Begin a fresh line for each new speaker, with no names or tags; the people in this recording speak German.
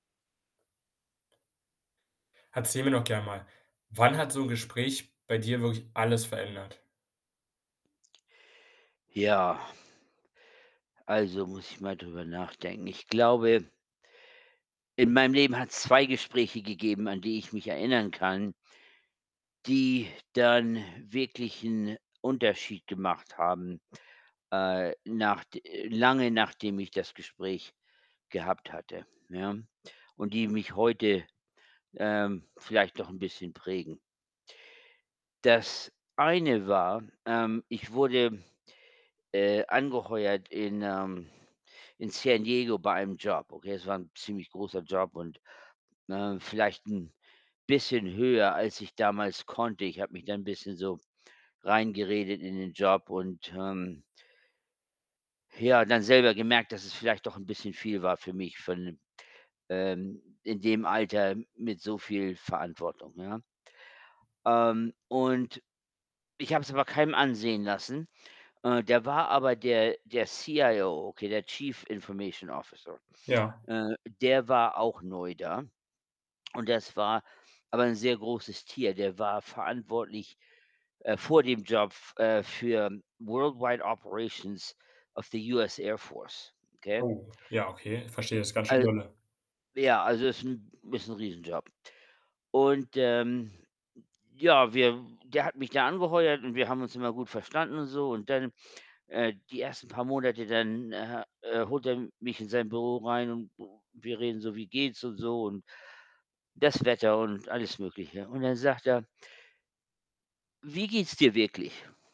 Erzähl mir doch gern mal, wann hat so 'n Gespräch bei dir wirklich alles verändert?
Ja. Also, muss ich mal drüber nachdenken. Ich glaube in meinem Leben hat's 2 Gespräche gegeben, an die ich mich erinnern kann die dann wirklich 'n Unterschied gemacht haben, äh, nachd lange nachdem ich das Gespräch gehabt hatte, ja? Und die mich heute, ähm, vielleicht noch 'n bisschen prägen. Das eine war ähm, ich wurde, äh, angeheuert in, ähm in San Diego bei einem Job, okay? Es war 'n ziemlich großer Job und ne, vielleicht 'n bisschen höher, als ich damals konnte. Ich habe mich da 'n bisschen so reingeredet in den Job und, ähm ja, dann selber gemerkt, dass es vielleicht doch 'n bisschen viel war für mich von ähm, in dem Alter m mit so viel Verantwortung, ja. Ähm, und ich habe es aber keinem ansehen lassen. Äh, da war aber der der CIO, okay, der Chief Information Officer.
Ja.
Äh, der war auch neu da. Und das war aber 'n sehr großes Tier. Der war verantwortlich, äh, vor dem Job, f äh, für world wide operations of the US Air Force, okay?
Oh, ja, okay. Ich
Äh,
verstehe, das ist ganz schön
al
dolle.
ja, also, ist 'n ist 'n Riesenjob. Und, ähm, ja, wir der hat mich da angeheuert und wir haben uns immer gut verstanden und so. Und dann äh, die 1. paar Monate dann, äh, äh, holt er mich in sein Büro rein und wir reden so: „Wie geht's?“ und so und das Wetter und alles Mögliche. Und dann sagt er „Wie geht's dir wirklich?“